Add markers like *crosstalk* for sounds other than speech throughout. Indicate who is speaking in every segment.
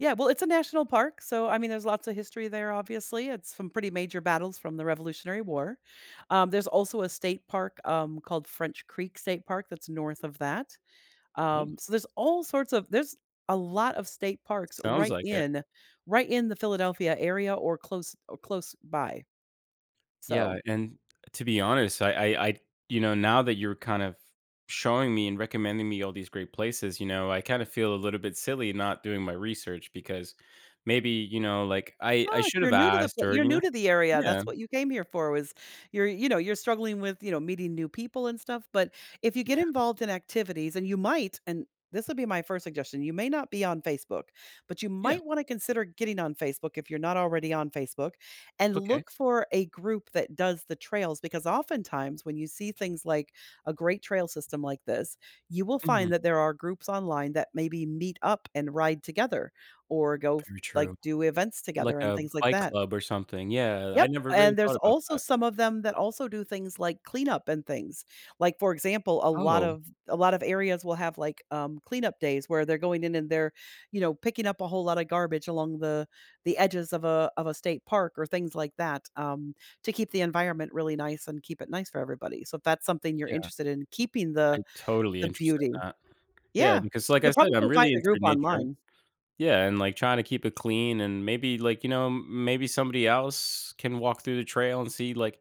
Speaker 1: Yeah, well, it's a national park, so, I mean, there's lots of history there, obviously, it's some pretty major battles from the Revolutionary War. Um, there's also a state park, um, called French Creek State Park that's north of that.
Speaker 2: Nea
Speaker 1: Um, so, there's all sorts of there's a lot of state parks
Speaker 2: Sounds
Speaker 1: right
Speaker 2: like it.
Speaker 1: in right in the Philadelphia area or close or close by.
Speaker 2: Yeah,
Speaker 1: So
Speaker 2: and to be honest, I I I you know, now that you're kind of showing me and recommending me all these great places, you know, I kinda feel a little bit silly not doing my research because maybe, you know, like, I I
Speaker 1: Ah, if
Speaker 2: should
Speaker 1: you're
Speaker 2: have
Speaker 1: new to the
Speaker 2: asked
Speaker 1: pl
Speaker 2: or,
Speaker 1: you're
Speaker 2: you
Speaker 1: new
Speaker 2: know?
Speaker 1: to the area, that's
Speaker 2: Yeah.
Speaker 1: what you came here for was you're, you know, you're struggling with, you know, meeting new people and stuff, but if you get
Speaker 2: Yeah.
Speaker 1: involved in activities, and you might and this would be my first suggestion, you may not be on Facebook, but you
Speaker 2: Yeah.
Speaker 1: might want to consider getting on Facebook if you're not already on Facebook, and
Speaker 2: Okay.
Speaker 1: look for a group that does the trails, because oftentimes, when you see things like a great trail system like this, you will
Speaker 2: Mhm.
Speaker 1: find that there are groups online that maybe meet up and ride together, or go, f
Speaker 2: Very
Speaker 1: like,
Speaker 2: true,
Speaker 1: do events
Speaker 2: like
Speaker 1: together and
Speaker 2: a
Speaker 1: things like
Speaker 2: bike
Speaker 1: that.
Speaker 2: club or something, yeah, I
Speaker 1: Yep,
Speaker 2: never really
Speaker 1: and
Speaker 2: thought
Speaker 1: there's
Speaker 2: about
Speaker 1: also
Speaker 2: that.
Speaker 1: some of them that also do things like cleanup and things. Like, for example, a lot
Speaker 2: Oh.
Speaker 1: of a lot of areas will have, like, um, cleanup days where they're going in and they're, you know, picking up a whole lotta garbage along the the edges of a of a state park or things like that, um, to keep the environment really nice and keep it nice for everybody, so, if that's something you're
Speaker 2: Yeah.
Speaker 1: interested in, keeping
Speaker 2: I
Speaker 1: the
Speaker 2: totally
Speaker 1: the
Speaker 2: interested in
Speaker 1: beauty.
Speaker 2: that. Yeah,
Speaker 1: Yeah.
Speaker 2: because like, I
Speaker 1: You'll
Speaker 2: said,
Speaker 1: probably
Speaker 2: I'm
Speaker 1: find
Speaker 2: really
Speaker 1: a
Speaker 2: into
Speaker 1: group
Speaker 2: nature.
Speaker 1: online.
Speaker 2: Yeah, and, like, trying to keep it clean and maybe, like, you know, m maybe somebody else can walk through the trail and see, like,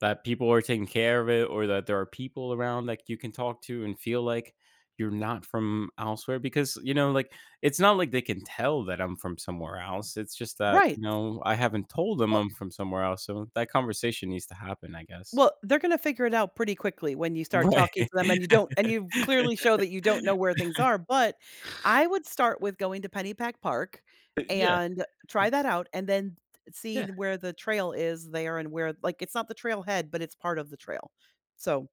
Speaker 2: that people are taking care of it or that there are people around that you can talk to and feel like you're not from elsewhere because, you know, like, it's not like they can tell that I'm from somewhere else, it's just that,
Speaker 1: Right.
Speaker 2: no, I haven't told them
Speaker 1: Well
Speaker 2: I'm from somewhere else, so that conversation needs to happen, I guess.
Speaker 1: Well, they're gonna figure it out pretty quickly when you start
Speaker 2: Right.
Speaker 1: talking to them, and you don't and you've clearly show that you don't know where things are,
Speaker 2: *laughs*
Speaker 1: but, I would start with going to Pennypack Park,
Speaker 2: Eh yeah,
Speaker 1: and try
Speaker 2: I
Speaker 1: that out, and then t t see
Speaker 2: Yeah.
Speaker 1: where the trail is there and where like, it's not the trail head, but it's part of the trail. So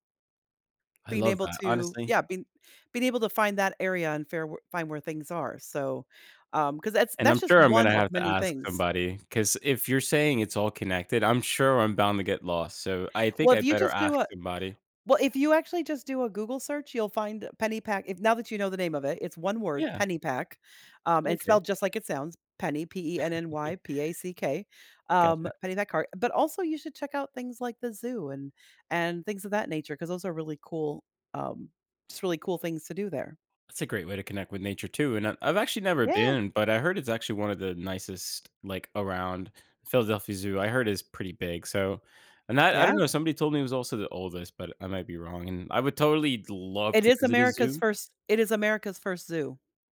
Speaker 2: I
Speaker 1: being
Speaker 2: love
Speaker 1: able
Speaker 2: that,
Speaker 1: to,
Speaker 2: honestly.
Speaker 1: yeah, being being able to find that area and fair were find where things are, so, um 'cause that's
Speaker 2: And I'm
Speaker 1: that's just
Speaker 2: sure I'm
Speaker 1: one
Speaker 2: gonna
Speaker 1: of
Speaker 2: have to
Speaker 1: many
Speaker 2: ask
Speaker 1: things.
Speaker 2: somebody, 'cause if you're saying it's all connected, I'm sure I'm bound to get lost, so, I'd think
Speaker 1: Well,
Speaker 2: I
Speaker 1: if you
Speaker 2: better
Speaker 1: just do
Speaker 2: ask
Speaker 1: a
Speaker 2: somebody.
Speaker 1: well, if you actually just do a Google search, you'll find Pennypack, if now that you know the name of it, it's one word,
Speaker 2: Yeah.
Speaker 1: Pennypack. Um, and
Speaker 2: Okay.
Speaker 1: spelled just like it sounds, Penny, P-E-N-N-Y
Speaker 2: *chuckles*
Speaker 1: P-A-C-K, um,
Speaker 2: Gotcha.
Speaker 1: Pennypack car but also you should check out things like the zoo and and things of that nature 'cause those are really cool, um, just really cool things to do there.
Speaker 2: That's a great way to connect with nature too, and I've I've actually never
Speaker 1: Yeah.
Speaker 2: been, but I heard it's actually one of the nicest like around Philadelphia Zoo, I heard it's pretty big, so, and I I don't
Speaker 1: Yeah.
Speaker 2: know, somebody told me it was also the oldest, but I might be wrong, and I would totally love
Speaker 1: It
Speaker 2: to
Speaker 1: is
Speaker 2: visit a
Speaker 1: America's
Speaker 2: zoo.
Speaker 1: 1st it is America's 1st zoo.